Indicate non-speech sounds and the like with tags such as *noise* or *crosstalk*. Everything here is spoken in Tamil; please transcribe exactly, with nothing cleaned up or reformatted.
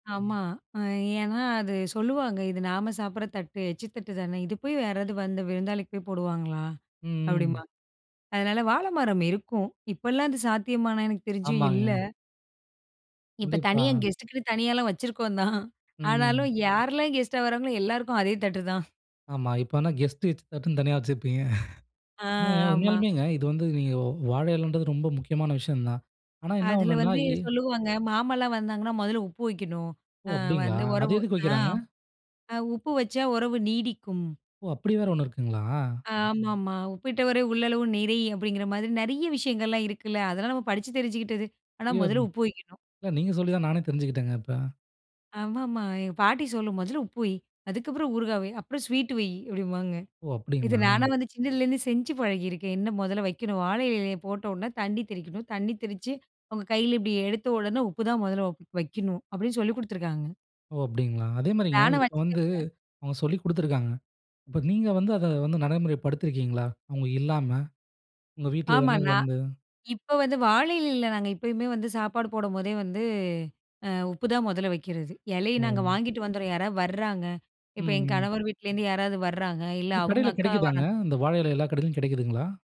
ஆமா, அ ஏன்னா அது சொல்லுவாங்க, "இது நாம சாப்பிடற தட்டு, எச்சு தட்டு தானே, இது போய் யாராவது வந்து விருந்தாளிக்கு போய் போடுவாங்களா?" ம். அப்டிம்பாங்க. அதனால, வாழைமரம் இருக்கும். இப்பலாம் அது சாத்தியமான்னா, எனக்கு தெரிஞ்சு இல்ல. ஆமாங்க. இப்ப கண்டிப்பா. தனியா கெஸ்ட்டுக்குன்னு தனியாலாம் வச்சிருக்கோம் தான். ஆனாலும், ம். யாரெல்லாம் கெஸ்ட்டா வராங்களோ எல்லாருக்கும் அதே தட்டு தான். ஆமா, இப்ப என்ன கெஸ்ட்டு எச் தட்டுன்னு தனியா வச்சுருப்பீங்க! *chuckles* அ, என்னங்க. ஆமா. உண்மயாலுமேங்க, இது வந்து நீங்க வாழை இலைன்றது ரொம்ப முக்கியமான விஷயம் தான். ஆனா, என்ன அதில ஒண்ணுன்னா வந்து, எ சொல்லுவாங்க, மாமாலாம் வந்தாங்கன்னா, முதல்ல உப்பு வெக்கணும். ஓ! அ அப்டீங்களா? வந்து அது உறவு எதுக்கு அ. வெக்குறாங்க? அ, உப்பு வச்சா உறவு நீடிக்கும். ஓ! அப்படி வேற ஒண்ணு இருக்குங்களா? ஆமாமா. "உப்பிட்டவரை உள்ளளவு நிறை!" அப்படிங்கிற மாரி, நிறைய விஷயங்கள்லாம் இருக்குல்ல, அதெல்லாம் நம்ம படிச்சு தெரிஞ்சுகிட்டது. ஆனா, *unintelligible* முதல்ல இல்ல, உப்பு வெக்கணும். நீங்க சொல்லித்தான் நானே தெரிஞ்சுகிட்டேங்க, இப்ப. ஆமாமா. எங்க பாட்டி சொல்லும், "முதல்ல உப்பு வை, அதுக்கப்புறம் ஊறுகாய் வை, அப்புறம் ஸ்வீட்டு வை" அப்பிடிம்பாங்க. ஓ! இத அப்டிங்களா? நானா வந்து சின்னதுலருந்தே செஞ்சு பழகியிருக்கேன், என்ன முதல்ல வெக்கணும். வாழை இலையிலய போட்ட உடனே தண்ணி தெறிக்கணும். தண்ணி தெறிச்சு. அவுங்க கைல இப்டி எடுத்த உடனே, உப்பு தான் முதல்ல ஒ வெக்கணும். அப்டின்னு சொல்லிக் குடுத்துருக்காங்க! ஓ! அப்டிங்களா? அதேமாரிங்க, நானும் இப்ப வந்து, வச்சிட்டுருப்பேன். அவங்க சொல்லி குடுத்துருக்காங்க. இப்ப நீங்க வந்து, அத வந்து, நடைமுறைப்படுத்திருக்கீங்களா, அவங்க இல்லாம, உங்க வீட்டில ஆமா, யார்னாது நான் வந்து? இப்ப வந்து வாழை இலைல நாங்க எப்பயுமே வந்து சாப்பாடு போடும்போதே வந்து, அ உப்பு தான் முதல்ல வெக்கிறது, இலைய நாங்க ம். வாங்கிட்டு வந்துர்றோம், யாராவது வர்றாங்க. ம், இப்ப எங்க ம். கணவர் வீட்லருந்து யாராவது வர்றாங்க. இல்ல, இது அவங்க கடைல அக்கா கிடைக்குதாங்க? வரா இந்த வாழை இலை, எல்லா கடைலயும் கிடைக்குதுங்களா?